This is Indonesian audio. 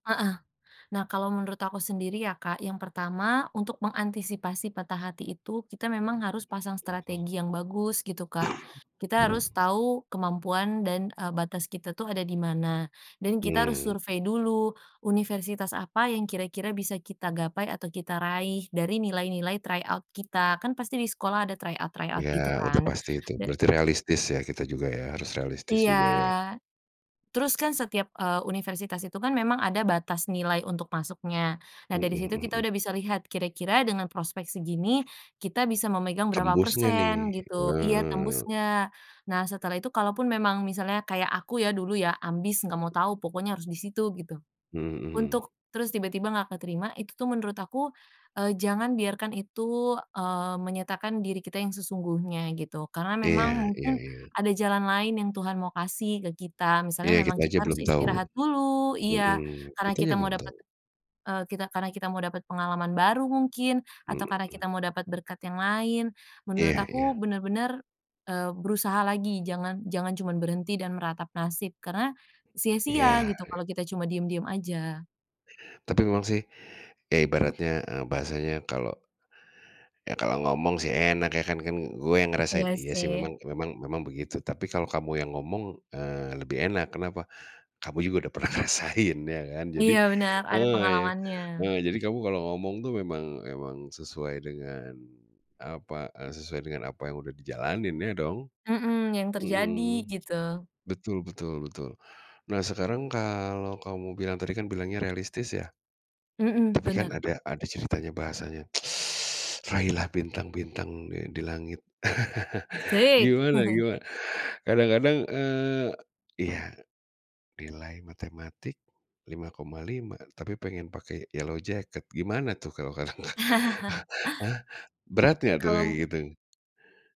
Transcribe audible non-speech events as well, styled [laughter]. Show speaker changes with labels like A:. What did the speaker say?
A: Heeh. Nah kalau menurut aku sendiri ya Kak, yang pertama, untuk mengantisipasi patah hati itu, kita memang
B: Mmm,
A: harus pasang
B: betul.
A: strategi yang bagus gitu Kak.
B: [coughs]
A: Kita harus
B: [breath]
A: tau kemampuan dan, eee, batas kita tuh ada di mana. Dan kita harus
B: Mmm.
A: survei dulu, universitas apa yang kira-kira bisa kita gapai atau kita raih, dari nilai-nilai try out kita. Kan pasti di sekolah ada try out try out gitu
B: Ya, udah
A: kan.
B: pasti itu,
A: Ya
B: berarti realistis ya kita juga ya, harus realistis
A: Iya,
B: juga ya.
A: terus kan setiap, eee, universitas itu kan memang ada batas nilai untuk masuknya. Nah
B: Mhm
A: dari situ
B: mhm
A: kita
B: mhm.
A: udah bisa lihat, kira-kira dengan prospek segini, kita bisa memegang berapa
B: Tembus nggak nih,
A: persen gitu. Iya tembus
B: heeh.
A: nggak. Nah setelah itu, kalaupun memang misalnya kayak aku ya, dulu ya, ambis nggak mau tau, pokoknya harus di situ, gitu.
B: Mmm, mhm.
A: Untuk terus tiba-tiba nggak keterima itu tuh menurut aku, eee, jangan biarkan itu, eee, menyatakan diri kita yang sesungguhnya, gitu. Karena memang
B: Iya iya
A: mungkin,
B: iya.
A: ada jalan lain yang Tuhan mau kasih ke kita.
B: Iya
A: Misalnya memang
B: kita aja
A: kita harus
B: belum tahu,
A: istirahat dulu iya,
B: mhm,
A: karena
B: kita aja
A: kita mau
B: belum tahu.
A: dapet, eee, kita karena kita mau dapet pengalaman baru mungkin, atau karena
B: Mhm.
A: kita mau dapet berkat yang lain. Menurut
B: Iya
A: aku
B: iya.
A: benar benar, eee, berusaha lagi, jangan jangan cuman berhenti dan meratap nasib, karena, sia-sia
B: Iya,
A: gitu
B: i
A: kalo kita cuma diem-diem aja.
B: Tapi memang sih, ya ibaratnya, eee, bahasanya kalau, "Ya, kalau ngomong sih enak ya, kan kan gue yang ngerasain,"
A: Iya
B: iya sih
A: sih.
B: memang memang memang begitu, tapi kalau kamu yang ngomong, eee, lebih enak, kenapa, Kamu juga udah pernah ngerasain ya kan. Jadi
A: Iya benar, ada
B: heeh,
A: pengalamannya.
B: eee, jadi kamu kalau ngomong tuh memang memang sesuai dengan, apa, eee, sesuai dengan apa yang udah dijalanin ya dong,
A: Mhm, yang terjadi
B: mhm,
A: gitu.
B: betul betul betul. Nah sekarang kalau, kamu bilang tadi kan bilangnya realistis ya?
A: Mhm,
B: Tapi kan
A: benar.
B: ada ada ceritanya bahasanya, [sucks teeth] "Raihlah bintang bintang, di di langit." [laughs]
A: Asik.
B: Gimana
A: [chuckles]
B: gimana, kadang-kadang, eee, iya, nilai matematik 5,5, tapi pengen pakai yellow jacket gimana tuh kalau kata
A: [chuckles]
B: [laughs] berat nggak tuh kayak
A: Kalau
B: gitu?